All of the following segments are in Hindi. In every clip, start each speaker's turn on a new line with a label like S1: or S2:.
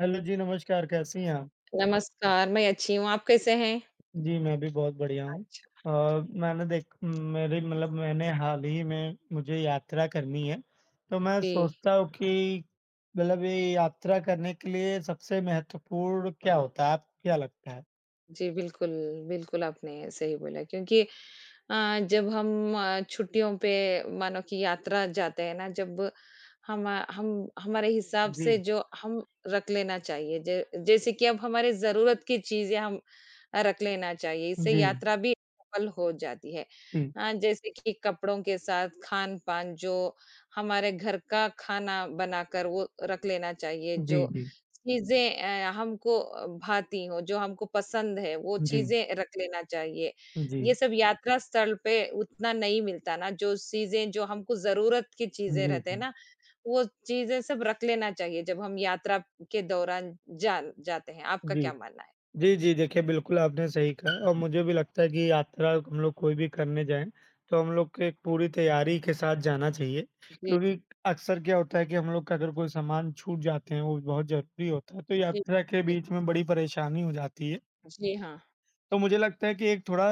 S1: हैलो जी, नमस्कार। कैसी हैं आ
S2: नमस्कार, मैं अच्छी हूँ, आप कैसे हैं?
S1: जी, मैं भी बहुत बढ़िया हूँ।
S2: अच्छा।
S1: अ, मैंने देख मेरी मतलब मैंने हाल ही में मुझे यात्रा करनी है, तो मैं
S2: जी।
S1: सोचता हूँ कि मतलब ये यात्रा करने के लिए सबसे महत्वपूर्ण क्या होता है? आपको क्या लगता है?
S2: जी, बिल्कुल, बिल्कुल, आपने सही बोला क्योंकि अ, जब हम छुट्टियों पे मानो कि यात्रा जाते हैं ना, जब हमा हम हमारे हिसाब से
S1: जी।
S2: जो हम रख लेना चाहिए ज जैसे कि अब हमारी ज़रूरत की चीज़ें हम अ, रख लेना चाहिए, इससे
S1: जी।
S2: यात्रा भी सफल हो जाती है।
S1: जी।
S2: अ, जैसे कि कपड़ों के साथ खान-पान जो हमारे घर का खाना बनाकर वो रख लेना चाहिए,
S1: जी,
S2: जो
S1: जी।
S2: चीज़ें अ, हमको अ, भाती हो, जो हमको पसंद हैं, वो
S1: जी।
S2: चीज़ें रख लेना चाहिए, ये
S1: जी।
S2: सब यात्रा स्थल पे उतना नहीं मिलता ना, जो चीज़ें जो हमको ज़रूरत की चीज़ें
S1: जी,
S2: रहते हैं
S1: जी।
S2: ना, वो चीज़ें सब रख लेना चाहिए जब हम यात्रा के दौरान जान जाते हैं। आपका
S1: जी।
S2: क्या मानना है?
S1: जी, जी, देखिए, बिल्कुल आपने सही कहा और मुझे भी लगता है कि यात्रा हम लोग कोई भी करने जाएँ, तो हम लोग के एक पूरी तैयारी के साथ जाना चाहिए,
S2: जी।
S1: क्योंकि अक्सर क्या होता है कि हम लोग का अगर कोई सामान छूट जाते हैं, वो भी बहुत ज़रूरी होता है, तो
S2: जी,
S1: यात्रा के
S2: जी।
S1: बीच में बड़ी परेशानी हो जाती है।
S2: जी हाँ।
S1: तो मुझे लगता है कि एक थोड़ा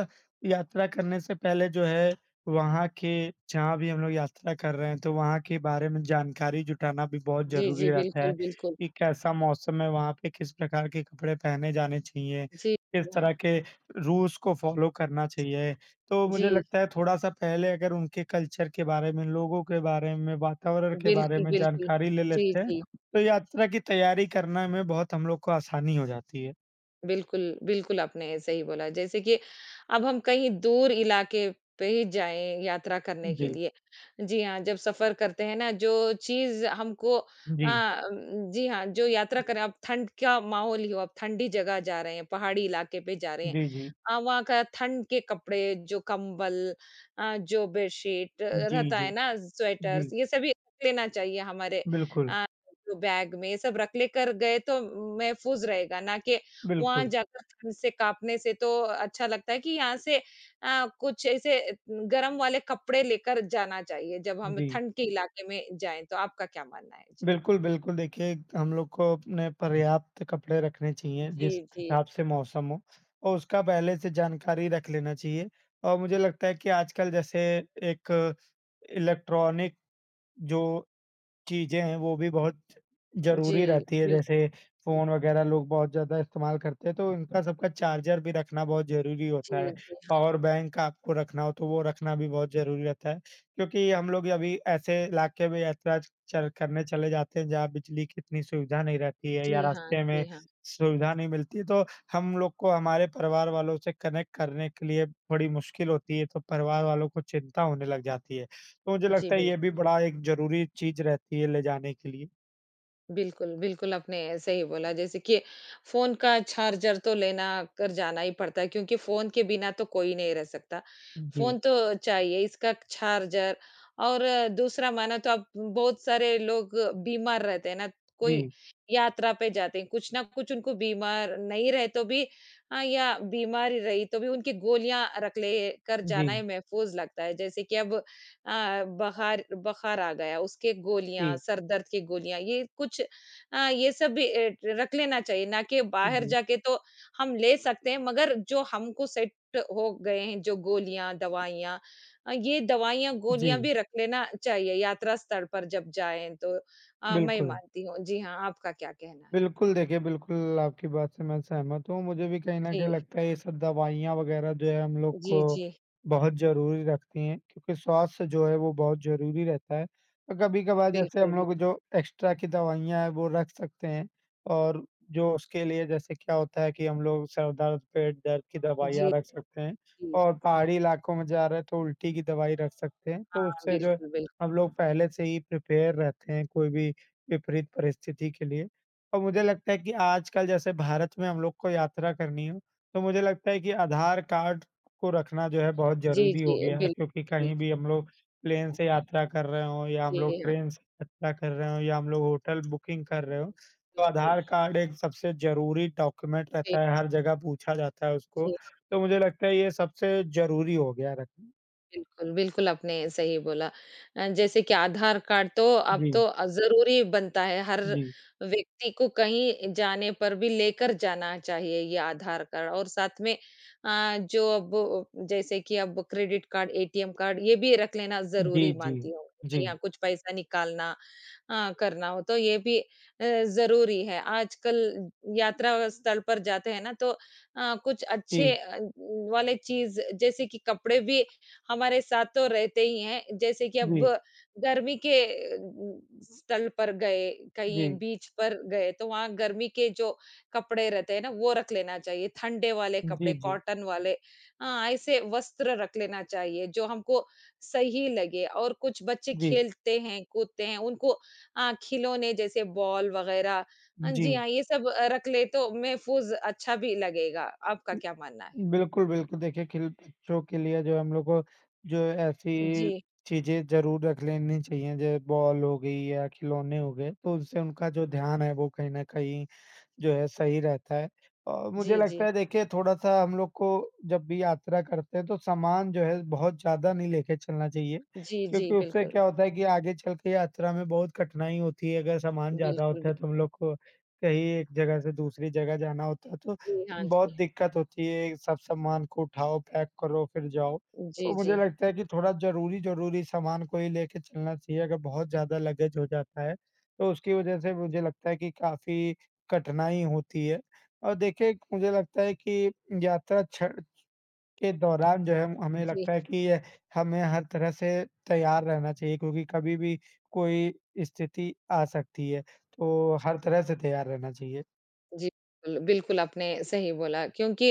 S1: यात्रा करने से पहले जो है वहाँ के जहाँ भी हम लोग यात्रा कर रहे हैं, तो वहाँ के बारे में जानकारी जुटाना भी बहुत
S2: जी,
S1: ज़रूरी
S2: जी,
S1: रहता
S2: बिल्कुल,
S1: है,
S2: बिल्कुल।
S1: कि कैसा मौसम है वहाँ पे? किस प्रकार के कपड़े पहने जाने चाहिए?
S2: जी
S1: किस तरह
S2: हाँ।
S1: के रूल्स को फॉलो करना चाहिए? तो मुझे
S2: जी।
S1: लगता है थोड़ा-सा पहले अगर उनके कल्चर के बारे में, लोगों के बारे में, वातावरण के बारे
S2: बिल्कुल,
S1: में
S2: बिल्कुल,
S1: जानकारी ले
S2: जी,
S1: लेते हैं,
S2: जी।
S1: तो यात्रा की तैयारी करना में बहुत हम लोग को आसानी हो जाती है।
S2: बिल्कुल, बिल्कुल आपने सही बोला। जैसे कि अब हम कहीं दूर इलाके पे ही जाएँ, यात्रा करने के
S1: [unintelligible]
S2: लिए। जी हाँ, जब सफ़र करते हैं ना जो चीज़ हमको अ,
S1: जी।
S2: जी हाँ, जो यात्रा कर रहे हैं अब ठंड क्या माहौल ही हो, अब ठंडी जगह जा रहे हैं, पहाड़ी इलाके पे जा रहे हैं।
S1: जी, जी।
S2: अ, वहाँ का ठंड के कपड़े जो कंबल अ, जो बेशीत
S1: जी,
S2: रहता है
S1: जी।
S2: ना स्वेटर्स
S1: जी।
S2: ये सभी लेना चाहिए हमारे
S1: बिल्कुल।
S2: अ, तो बैग में सब रख लेकर गए तो मैफ़ूज़ रहेगा ना कि वहाँ
S1: बिल्कुल।
S2: जाकर ठंड से काँपने से तो अच्छा लगता है कि यहाँ से अ, कुछ ऐसे गर्म वाले कपड़े लेकर जाना चाहिए। जब हम
S1: जी।
S2: ठंड के इलाके में जाएँ, तो आपका क्या मानना है? जी।
S1: बिल्कुल, बिल्कुल। देखिए, हम लोग को अपने पर्याप्त कपड़े रखने चाहिए, जिस
S2: जी, जी।
S1: हिसाब से मौसम हो और उसका पहले से जानकारी रख लेना चाहिए। और मुझे लगता है कि आजकल जैसे एक इलेक्ट्रॉनिक जो चीज़ें हैं वो भी
S2: जी
S1: बहुत-ज़रूरी रहती है
S2: बिल
S1: जैसे फ़ोन वगैरह लोग बहुत ज़्यादा इस्तेमाल करते हैं तो इनका सबका चार्जर भी रखना बहुत ज़रूरी होता
S2: जी,
S1: है।
S2: जी।
S1: पॉवर बैंक आपको रखना हो तो वो रखना भी बहुत ज़रूरी रहता है क्योंकि हम लोग अभी ऐसे इलाके में यात्रा चल करने चले जाते हैं जहाँ बिजली कि इतनी सुविधा नहीं रहती है या
S2: जी हाँ,
S1: रास्ते में
S2: जी हाँ।
S1: सुविधा नहीं मिलती है तो हम लोग को हमारे परिवार वालों से कनेक्ट करने के लिए बड़ी मुश्किल होती है तो परिवार वालों को चिंता होने लग जाती है। तो मुझे
S2: जी,
S1: लगता है
S2: बिल्कुल।
S1: ये भी बड़ा एक ज़रूरी चीज़ रहती है ले जाने के लिए।
S2: बिल्कुल, बिल्कुल, आपने सही बोला जैसे कि फ़ोन का चार्जर तो लेना कर जाना ही पड़ता है, क्योंकि फ़ोन के बिना तो कोई नहीं रह सकता, फ़ोन
S1: जी।
S2: तो चाहिए, इसका चार्जर, और दूसरा, माना तो अब बहुत सारे लोग बीमार रहते हैं ना, कोई
S1: जी।
S2: यात्रा पे जाते हैं, कुछ न कुछ उनको बीमार नहीं रहे, तो भी अ, या बीमार ही रही, तो भी उनकी गोलियाँ रख लें कर जाना ही
S1: जी।
S2: महफ़ूज़ लगता है, जैसे कि अब अ, बहार बुखार आ गया, उसके गोलियाँ,
S1: जी।
S2: सर दर्द की गोलियाँ, ये कुछ अ, ये सब भी एट रख लेना चाहिए, ना कि बाहर
S1: जी।
S2: जाके तो हम ले सकते हैं, मगर जो हमको सेट हो गए हैं, जो गोलियाँ, दवाइयाँ अ, ये दवाइयाँ, गोलियाँ
S1: जी।
S2: भी रख लेना चाहिए, यात्रा स्तर पर जब जाएँ, तो अ, मैं ये
S1: बिल्कुल।
S2: मानती हूँ। जी हाँ, आपका क्या कहना है?
S1: बिल्कुल, देखिए, बिल्कुल, आपकी बात से मैं सहमत हूँ। मुझे भी कहीं न कहीं
S2: जी।
S1: लगता है, ये सब दवाइयाँ वगैरह, जो है, हम लोग को
S2: जी, जी।
S1: बहुत ज़रूरी रखती हैं, क्योंकि स्वास्थ्य जो है, वो बहुत ज़रूरी रहता है। तो कभी-कभार जैसे
S2: बिल्कुल,
S1: हम
S2: बिल
S1: लोग, जो एक्स्ट्रा की दवाइयाँ हैं, वो रख सकते हैं, और जो उसके लिए, जैसे क्या होता है कि हम लोग सर दर्द, पेट दर्द की
S2: जी।
S1: दवाइयाँ रख सकते हैं
S2: जी।
S1: और पहाड़ी इलाकों में जा रहे हैं, तो उल्टी की दवाई रख सकते हैं। तो
S2: हाँ,
S1: उससे जो
S2: बिल्कुल, बिल्क
S1: हम लोग पहले से ही प्रिपेयर रहते हैं, कोई भी विपरीत परिस्थिति के लिए और मुझे लगता है कि आजकल जैसे भारत में हम लोग को यात्रा करनी हो, तो मुझे लगता है कि आधार कार्ड को रखना, जो है, बहुत
S2: जी,
S1: ज़रूरी
S2: जी,
S1: हो गया है,
S2: बिल
S1: क्योंकि कहीं भी
S2: बिल्कुल।
S1: हम लोग प्लेन से यात्रा कर रहे हों, या हम लोग
S2: जी हाँ।
S1: ट्रेन से यात्रा कर रहे हों, या हम लोग होटल बुकिंग कर रहे हों, तो
S2: बिल्कुल।
S1: आधार कार्ड एक सबसे ज़रूरी डॉक्यूमेंट
S2: जी।
S1: रहता है, हर जगह पूछा जाता है उसको।
S2: जी हाँ।
S1: तो मुझे लगता है, ये सबसे ज़रूरी हो गया है रखना।
S2: बिल्कुल, बिल्कुल आपने सही बोला। अ, जैसे कि आधार कार्ड तो अब
S1: जी।
S2: तो अ, ज़रूरी बनता है। हर
S1: जी।
S2: व्यक्ति को कहीं जाने पर भी लेकर जाना चाहिए ये आधार कार्ड और साथ में अ, जो अब जैसे कि अब क्रेडिट कार्ड, एटीएम कार्ड ये भी रख लेना ज़रूरी
S1: जी, जी।
S2: मानती हूँ। जी हाँ,
S1: जी।
S2: कुछ पैसा निकालना अ, करना हो, तो ये भी अ, ज़रूरी है। आजकल यात्रा स्थल पर जाते हैं ना, तो अ, कुछ अच्छे
S1: जी।
S2: अ, वाले चीज़ जैसे कि कपड़े भी हमारे साथ तो रहते ही हैं। जैसे कि अब
S1: जी।
S2: गर्मी के अ, स्थल पर गए, कहीं
S1: जी।
S2: बीच पर गए, तो वहाँ गर्मी के जो कपड़े रहते हैं ना, वो रख लेना चाहिए। ठंडे वाले
S1: जी,
S2: कपड़े
S1: जी।
S2: कॉटन वाले अ, ऐसे वस्त्र रख लेना चाहिए जो हमको सही लगे और कुछ बच्चे
S1: जी।
S2: खेलते हैं, कूदते हैं। उनको अ, खिलौने जैसे बॉल वग़ैरह अ, जी
S1: जी।
S2: हाँ ये सब रख ले, तो महफ़ूज़ अच्छा भी लगेगा। आपका
S1: हुँ।
S2: क्या मानना है?
S1: बिल्कुल, बिल्कुल। देखिए, खिल बच्चों के लिए जो हम लोग को जो ऐसी
S2: जी।
S1: चीज़ें ज़रूर रख लेनी चाहिए जैसे बॉल हो गई या खिलौने हो गए, तो उससे उनका जो ध्यान है, वो कहीं न कहीं जो है सही रहता है। अ, मुझे
S2: जी,
S1: लगता
S2: जी।
S1: है देखिए थोड़ा-सा हम लोग को जब भी यात्रा करते हैं, तो सामान जो है बहुत ज़्यादा नहीं लेके चलना चाहिए
S2: जी, जी।
S1: क्योंकि उससे
S2: बिल्कुल।
S1: क्या होता है कि आगे चल के यात्रा में बहुत कठिनाई होती है। अगर सामान ज़्यादा
S2: बिल्कुल
S1: होता
S2: बिल
S1: है, तो हम लोग को कहीं एक जगह से दूसरी जगह जाना होता है, तो
S2: जी, हाँ
S1: बहुत
S2: जी।
S1: दिक्कत होती है। सब सामान को उठाओ, पैक करो फिर जाओ।
S2: जी,
S1: तो मुझे
S2: जी।
S1: लगता है कि थोड़ा ज़रूरी-ज़रूरी सामान को ही लेके चलना चाहिए। अगर बहुत ज़्यादा लगेज़ हो जाता है, तो उसकी वज़ह से मुझे लगता है कि काफ़ी कठिनाई होती है। और देखिए मुझे लगता है कि यात्रा छ के दौरान जो है हमें
S2: जी।
S1: लगता है कि यह हमें हर तरह से तैयार रहना चाहिए क्योंकि कभी भी कोई स्थिति आ सकती है, तो हर तरह से तैयार रहना चाहिए।
S2: जी, बिल बिल्कुल, आपने सही बोला, क्योंकि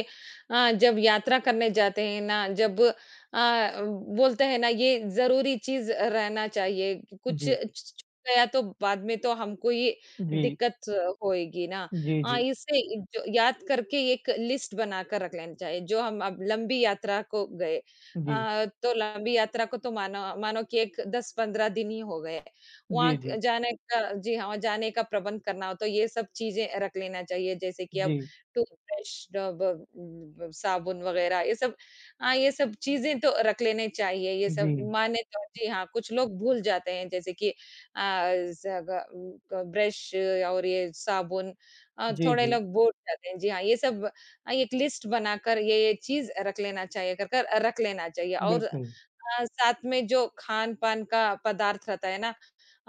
S2: अ, जब यात्रा करने जाते हैं ना, जब अ, बोलते हैं ना, ये ज़रूरी चीज़ अ, रहना चाहिए कि कुछ छ
S1: जी।
S2: छूट गया, तो बाद में तो हमको ये
S1: जी।
S2: दिक्कत होएगी ना।
S1: जी,
S2: हाँ,
S1: जी।
S2: इससे इ जो याद करके एक लिस्ट बनाकर रख लेना चाहिए, जो हम अब लंबी यात्रा को गए।
S1: जी।
S2: अ, तो लंबी यात्रा को तो मानो मानो कि एक 10-15 दिन ही हो गए हैं। वहाँ
S1: जी,
S2: क
S1: जी।
S2: जाने का जी हाँ, वहाँ जाने का प्रबंध करना हो, तो ये सब चीज़ें रख लेना चाहिए। जैसे कि अब
S1: जी।
S2: टूथ ब्रश अ, ब ब ब साबुन वगैरह, ये सब हाँ, ये सब चीज़ें तो रख लेने चाहिए। ये सब
S1: जी।
S2: माने तो जी हाँ, कुछ लोग भूल जाते हैं, जैसे कि आ अ ज़ग उम, क ब्रश और ये साबुन अ,
S1: जी,
S2: थोड़े
S1: जी।
S2: लोग भूल जाते हैं। जी, हाँ, ये सब अ, एक लिस्ट बनाकर ये-ये चीज़ अ, रख लेना चाहिए। अगर कर अ, रख लेना चाहिए, और अ,
S1: बिल्कुल।
S2: साथ में जो खान-पान का पदार्थ रहता है ना,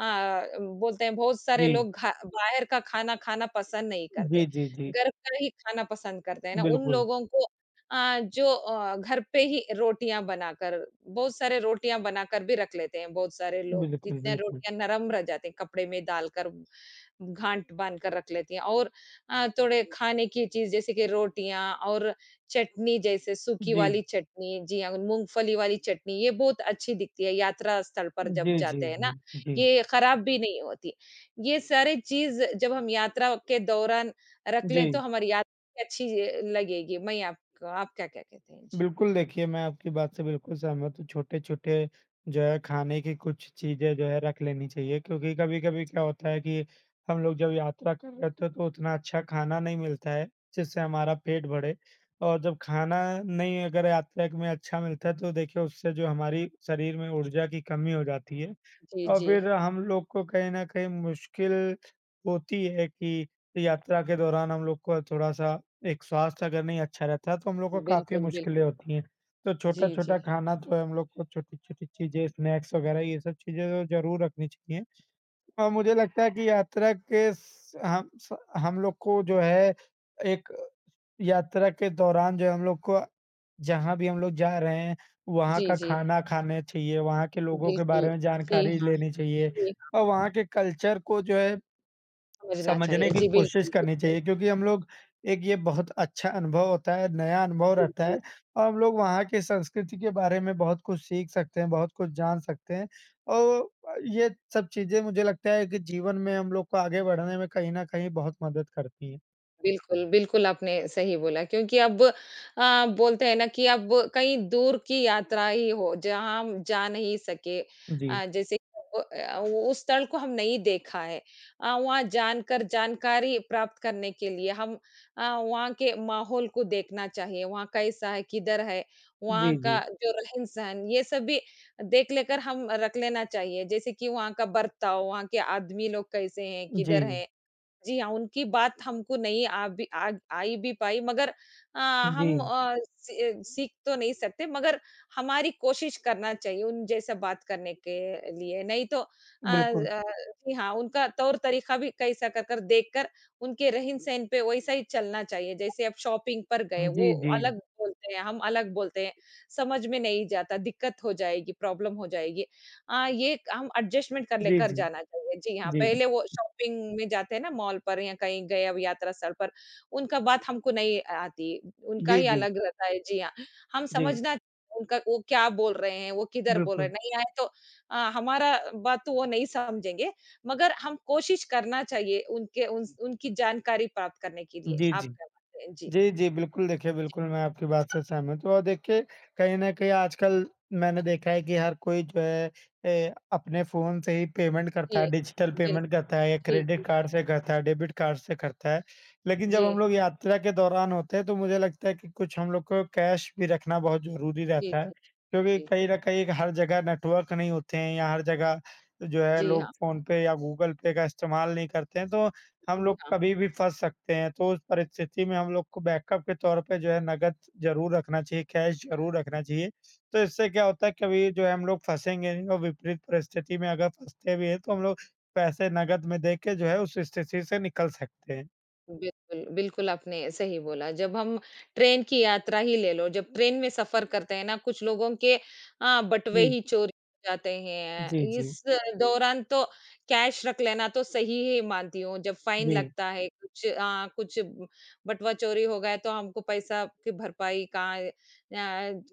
S2: हाँ, बोलते हैं, बहुत सारे
S1: जी।
S2: लोग घा बाहर का खाना खाना पसंद नहीं करते।
S1: जी, जी, जी।
S2: घर का ही खाना पसंद करते हैं ना। उन
S1: बिल्कुल।
S2: लोगों को अ, जो अ, घर पे ही रोटियाँ बनाकर बहुत सारे रोटियाँ बनाकर भी रख लेते हैं, बहुत सारे लोग।
S1: बिल्कुल,
S2: जितने
S1: बिल्कुल।
S2: रोटियाँ नरम रह जाते हैं, कपड़े में डालकर गाँठ बाँध कर रख लेती हैं, और अ, थोड़े खाने की चीज़, जैसे कि रोटियाँ और चटनी, जैसे सूखी
S1: जी।
S2: वाली चटनी, जी हाँ, मूँगफली वाली चटनी, ये बहुत अच्छी दिखती है, यात्रा स्थल पर जब
S1: जी, जी,
S2: जाते हैं ना।
S1: जी। जी।
S2: ये खराब भी नहीं होती। ये सारे चीज़, जब हम यात्रा के दौरान रख लें, तो
S1: जी।
S2: हमारी यात क अच्छी, जी, लगेगी। मैं ये आपका आप क्या-क्या कहते थे? जी।
S1: बिल्कुल, देखिए, मैं आपकी बात से बिल्कुल सहमत हूँ। छोटे-छोटे, जो है, खाने की कुछ चीज़ें, जो है, रख लेनी चाहिए, क्योंकि कभी-कभी क्या होता है कि हम लोग जब यात्रा कर रहे होते हैं, तो उतना अच्छा खाना नहीं मिलता है, जिससे हमारा पेट भरे। और जब खाना नहीं, अगर यात्रा एक में अच्छा मिलता है, तो देखिए, उससे जो हमारी शरीर में ऊर्जा की कमी हो जाती है
S2: जी,
S1: और फिर
S2: जी।
S1: हम लोग को कहीं न कहीं मुश्किल होती है कि यात्रा के दौरान हम लोग को थोड़ा-सा एक स्वास्थ्य अगर नहीं अच्छा रहता, तो हम लोग को काफ़ी
S2: बिल्कुल, बिल्कुल।
S1: मुश्किलें होती हैं। तो
S2: जी, जी।
S1: छोटा-छोटा खाना तो हम लोग को, छोटी-छोटी चीज़ें, स्नैक्स वगैरह, ये सब चीज़ें तो ज़रूर रखनी चाहिए। अ, मुझे लगता है कि यात्रा के स हम स हम लोग को, जो है, एक यात्रा के दौरान, जो है, हम लोग को जहाँ भी हम लोग जा रहे हैं, वहाँ
S2: जी,
S1: का
S2: जी।
S1: खाना खाने चाहिए, वहाँ के लोगों के
S2: बिल्कुल।
S1: बारे में
S2: जी
S1: जानकारी
S2: हाँ।
S1: लेनी चाहिए,
S2: जी हाँ।
S1: और वहाँ के कल्चर को, जो है,
S2: समझना चाहिए,
S1: समझने की
S2: जी,
S1: कोशिश
S2: बिल्कुल,
S1: करनी
S2: बिल्कुल।
S1: चाहिए। क्योंकि हम लोग एक ये बहुत अच्छा अनुभव होता है, नया अनुभव
S2: जी,
S1: रहता
S2: जी।
S1: है और हम लोग वहाँ के संस्कृति के बारे में बहुत कुछ सीख सकते हैं, बहुत कुछ जान सकते हैं। औ अ, ये सब चीज़ें, मुझे लगता है कि जीवन में हम लोग को आगे बढ़ने में कहीं न कहीं बहुत मदद करती हैं।
S2: बिल्कुल, बिल्कुल आपने सही बोला क्योंकि अब अ, बोलते हैं ना कि अब कहीं दूर की यात्रा ही हो, जहाँ हम जा नहीं सके।
S1: जी।
S2: अ, जैसे ओ ओ अ, वो उस स्थल को हम नहीं देखा है। अ, वहाँ जानकर जानकारी प्राप्त करने के लिए हम अ, वहाँ के माहौल को देखना चाहिए। वहाँ कैसा है, किधर है, वहाँ
S1: जी,
S2: का
S1: जी।
S2: जो रहन-सहन ये सब भी देख लेकर हम रख लेना चाहिए। जैसे कि वहाँ का वर्ताव, वहाँ के आदमी लोग कैसे हैं, किधर
S1: जी।
S2: हैं। जी हाँ, उनकी बात हमको नहीं आ भी आ आई भी पाई मगर अ, हम
S1: जी।
S2: अ, सी अ, सीख तो नहीं सकते मगर हमारी कोशिश करना चाहिए उन जैसे बात करने के लिए। नहीं तो अ
S1: बिल्कुल।
S2: अ, जी हाँ, उनका तौर-तरीका भी कैसा कर कर देखकर उनके रहन-सहन पे वैसा ही चलना चाहिए। जैसे अब शॉपिंग पर गए,
S1: हाँ
S2: वो
S1: जी, जी।
S2: अलग बोलते हैं, हम अलग बोलते हैं, समझ में नहीं जाता, दिक्कत हो जाएगी, प्रॉब्लम हो जाएगी। अ, ये हम एडजस्टमेंट कर ले
S1: जी,
S2: कर
S1: जी।
S2: जाना चाहिए। जी हाँ,
S1: जी।
S2: पहले वो शॉपिंग में जाते हैं ना मॉल पर या कहीं गए अब यात्रा सर पर, उनका बात हमको नहीं अ आती, उनका
S1: जी,
S2: ही
S1: जी।
S2: अलग रहता है, जी हाँ। हम
S1: जी।
S2: समझना उनका वो क्या बोल रहे हैं, वो किधर बोल रहे हैं,
S1: बिल्कुल।
S2: नहीं आए तो अ, हमारा बात वो नहीं समझेंगे मगर हम कोशिश करना चाहिए उनके उनस उनकी जानकारी प्राप्त करने के लिए।
S1: जी, जी।
S2: आपका क्या कहते हैं? जी।
S1: जी, जी बिल्कुल देखिए बिल्कुल
S2: ठीक
S1: मैं
S2: है।
S1: आपकी बात से सहमत हूँ और देखिए कहीं न कहीं आजकल मैंने देखा है कि हर कोई जो है अ, अपने फ़ोन से ही पेमेंट करता है,
S2: जी।
S1: डिजिटल
S2: बिल
S1: पेमेंट करता है या
S2: जी, जी
S1: क्रेडिट
S2: हाँ।
S1: कार्ड से करता है, डेबिट कार्ड से करता है। लेकिन जब हम
S2: जी।
S1: लोग यात्रा के दौरान होते हैं, तो मुझे लगता है कि कुछ हम लोग को कैश भी रखना बहुत ज़रूरी
S2: जी,
S1: रहता है
S2: जी।
S1: क्योंकि कहीं
S2: बिल्कुल।
S1: न कहीं एक हर जगह नेटवर्क नहीं होते हैं या हर जगह जो है
S2: जी
S1: लोग
S2: हाँ।
S1: फ़ोन पे या गूगल पे का इस्तेमाल नहीं करते हैं, तो हम
S2: जी
S1: लोग
S2: हाँ।
S1: कभी भी फँस सकते हैं। तो उस परिस्थिति में हम लोग को बैकअप के तौर पे जो है नकद ज़रूर रखना चाहिए, कैश ज़रूर रखना चाहिए। तो इससे क्या होता है, कभी जो है हम लोग फँसेंगे नहीं और विपरीत परिस्थिति में अगर फँसते भी हैं, तो हम लोग पैसे नकद में देके जो है उस स्थिति से निकल सकते हैं।
S2: बिल्कुल, बिल्कुल आपने सही बोला जब हम ट्रेन की यात्रा ही ले लो, जब ट्रेन में सफ़र करते हैं ना कुछ लोगों के अ, बटवे
S1: जी।
S2: ही चोरी जाते हैं।
S1: जी, जी।
S2: इस दौरान तो कैश रख लेना तो सही ही मानती हूँ। जब फ़ाइन
S1: जी।
S2: लगता है कुछ अ, कुछ बटवा चोरी हो गया है तो हमको पैसा की भरपाई का अ,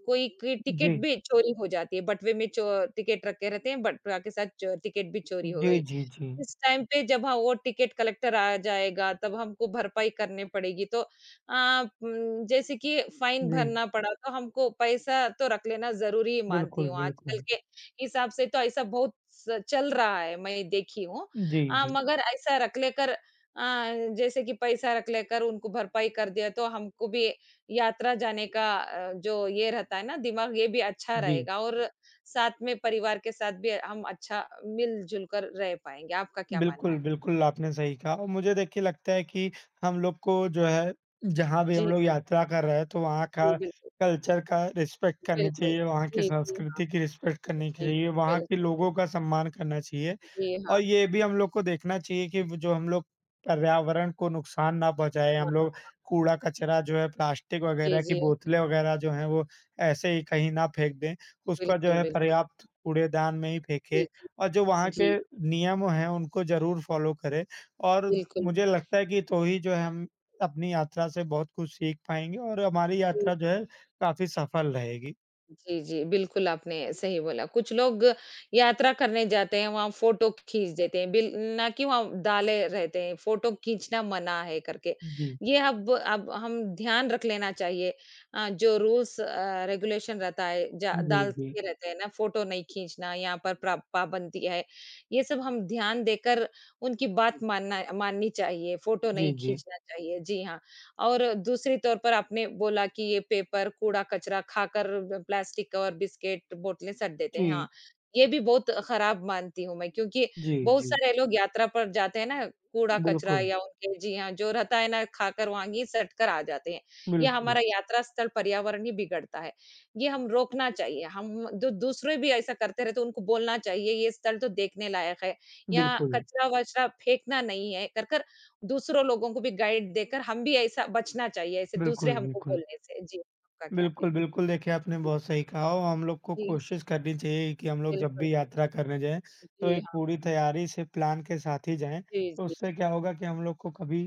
S2: कोई क टिकट
S1: जी।
S2: भी चोरी हो जाती है। बटवे में चो टिकट रखे रहते हैं बटवा के साथ च टिकट भी चोरी हो
S1: जी,
S2: गई।
S1: जी, जी।
S2: इस टाइम पे जब हाँ, वो टिकट कलेक्टर आ जाएगा, तब हमको भरपाई करनी पड़ेगी। तो अ उम, जैसे कि फ़ाइन
S1: जी।
S2: भरना पड़ा, तो हमको पैसा तो रख लेना ज़रूरी मानती
S1: बिल्कुल,
S2: हूँ, आजकल
S1: बिल्कुल।
S2: के हिसाब से तो ऐसा बहुत स चल रहा है, मैं ये देखी हूँ।
S1: जी,
S2: अ,
S1: जी।
S2: मगर ऐसा रख लेकर अ, जैसे कि पैसा रख लेकर उनको भरपाई कर दिया, तो हमको भी यात्रा जाने का अ, जो ये रहता है ना, दिमाग़ ये भी अच्छा
S1: जी।
S2: रहेगा और साथ में परिवार के साथ भी हम अच्छा मिल-जुलकर रह पाएँगे। आपका क्या मानना
S1: बिल्कुल,
S2: है?
S1: बिल्कुल आपने सही कहा और मुझे देखिए लगता है कि हम लोग को जो है, जहाँ भी
S2: जी,
S1: हम लोग
S2: जी।
S1: यात्रा कर रहे हैं, तो वहाँ का
S2: जी, बिल्कुल।
S1: कल्चर का रिस्पेक्ट करनी
S2: बिल्कुल।
S1: चाहिए, वहाँ की
S2: जी, जी, हाँ।
S1: संस्कृति की रिस्पेक्ट करनी
S2: जी,
S1: चाहिए,
S2: बिल्कुल
S1: वहाँ
S2: बिल
S1: के लोगों का सम्मान करना चाहिए
S2: जी,
S1: और
S2: हाँ।
S1: ये भी हम लोग को देखना चाहिए कि वो जो हम लोग पर्यावरण को नुकसान ना पहुँचाएँ,
S2: हाँ,
S1: हम
S2: हाँ
S1: लोग
S2: हाँ।
S1: कूड़ा-कचरा जो है, प्लास्टिक
S2: जी,
S1: वगैरह की
S2: जी।
S1: बोतलें वगैरह जो हैं, वो ऐसे ही कहीं ना फेंक दें। उसका जो
S2: बिल्कुल,
S1: है
S2: बिल्कुल।
S1: पर्याप्त कूड़ेदान में ही फेंकें
S2: जी, जी।
S1: और जो वहाँ
S2: जी।
S1: के नियम हैं, उनको ज़रूर फॉलो करें और
S2: बिल्कुल।
S1: मुझे लगता है कि तो ही जो है हम अपनी यात्रा से बहुत कुछ सीख पाएँगे और हमारी
S2: जी।
S1: यात्रा जो है काफ़ी सफल रहेगी।
S2: जी, जी बिल्कुल आपने सही बोला, कुछ लोग यात्रा करने जाते हैं वहाँ फ़ोटो खींच देते हैं। बिल ना कि वहाँ डाले रहते हैं, फ़ोटो खींचना मना है करके।
S1: जी।
S2: ये अब अब हम ध्यान रख लेना चाहिए। अ, जो रूल्स अ, रेगुलेशन रहता है जा
S1: जी, जी।
S2: डालते रहते हैं ना फ़ोटो नहीं खींचना यहाँ पर प्र पाबंदी है बनती है। ये सब हम ध्यान देकर उनकी बात मानना माननी चाहिए। फ़ोटो
S1: जी,
S2: नहीं
S1: जी।
S2: खींचना चाहिए। जी हाँ, और दूसरी तौर पर आपने बोला कि ये पेपर कूड़ा-कचरा खाकर ब प्लास्टिक और बिस्किट बोतलें सट देते हैं। हाँ,
S1: जी।
S2: ये भी बहुत ख़राब मानती हूँ मैं क्योंकि
S1: जी,
S2: बहुत
S1: जी।
S2: सारे लोग यात्रा पर जाते हैं ना कूड़ा-कचरा
S1: बिल्कुल।
S2: या उनके जी हाँ, जो रहता है ना खाकर वहाँ गई सट कर आ जाते हैं। ये
S1: बिल्कुल।
S2: हमारा यात्रा स्थल पर्यावरण ही बिगड़ता है, ये हम रोकना चाहिए। हम द दूसरे भी ऐसा करते रहते उनको बोलना चाहिए। ये स्थल तो देखने लायक है, यहाँ
S1: बिल्कुल।
S2: कचरा-वचरा फेंकना नहीं है कर-कर दूसरों लोगों को भी गाइड देकर हम भी ऐसा बचना चाहिए। ऐसे दूसरे
S1: बिल्कुल,
S2: हमको
S1: बिल्कुल।
S2: बोलने से, जी। का क्या
S1: बिल्कुल,
S2: कहना
S1: बिल्कुल, देखिए आपने
S2: है?
S1: बहुत सही कहा। हम लोग को
S2: जी।
S1: कोशिश करनी चाहिए कि हम लोग जब
S2: बिल्कुल।
S1: भी यात्रा करने जाएँ, तो
S2: जी,
S1: एक
S2: हाँ।
S1: पूरी तैयारी से प्लान के साथ ही जाएँ।
S2: जी,
S1: तो
S2: जी।
S1: उससे क्या होगा कि हम लोग को कभी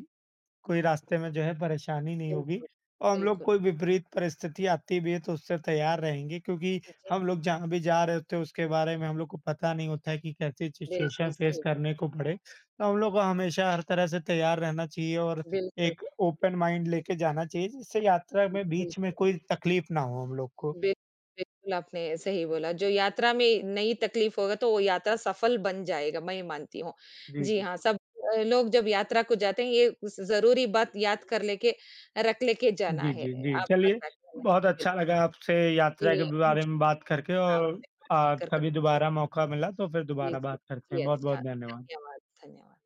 S1: कोई रास्ते में जो है परेशानी नहीं होगी
S2: बिल्कुल,
S1: और हम लोग
S2: बिल्कुल।
S1: कोई विपरीत परिस्थिति आती भी है, तो उससे तैयार रहेंगे क्योंकि
S2: जी।
S1: हम लोग जहाँ भी जा रहे होते हैं उसके बारे में हम लोग को पता नहीं होता है कि कैसे
S2: बिल्कुल,
S1: सिचूऐशन फेस
S2: सही बोला।
S1: करने को पड़े। तो हम लोग को हमेशा हर तरह से तैयार रहना चाहिए और
S2: बिल्कुल।
S1: एक ओपन माइंड लेके जाना चाहिए। जिससे यात्रा में
S2: बिल्कुल।
S1: बीच में कोई तकलीफ़ ना हो हम लोग को।
S2: बिल बिल्कुल आपने सही बोला, जो यात्रा में नई तकलीफ़ होगा, तो वो यात्रा सफल बन जाएगा, मैं ये मानती हूँ।
S1: जी,
S2: जी
S1: जी।
S2: हाँ, सब अ लोग जब यात्रा को जाते हैं ये उस ज़रूरी बात याद कर लेके रख लेके जाना
S1: जी,
S2: है।
S1: जी, जी।
S2: आपका
S1: चलिए,
S2: क्या कहना
S1: बहुत
S2: बिल
S1: अच्छा लगा आपसे यात्रा के
S2: जी,
S1: बारे
S2: मुझे
S1: में बात करके और
S2: आपसे बातचीत
S1: अ,
S2: कर
S1: कभी
S2: कर
S1: दोबारा मौका मिला, तो फिर
S2: जी,
S1: दोबारा
S2: जी,
S1: बात करते हैं।
S2: जी,
S1: बहुत-बहुत
S2: अच्छा।
S1: धन्यवाद।
S2: धन्यवाद, धन्यवाद।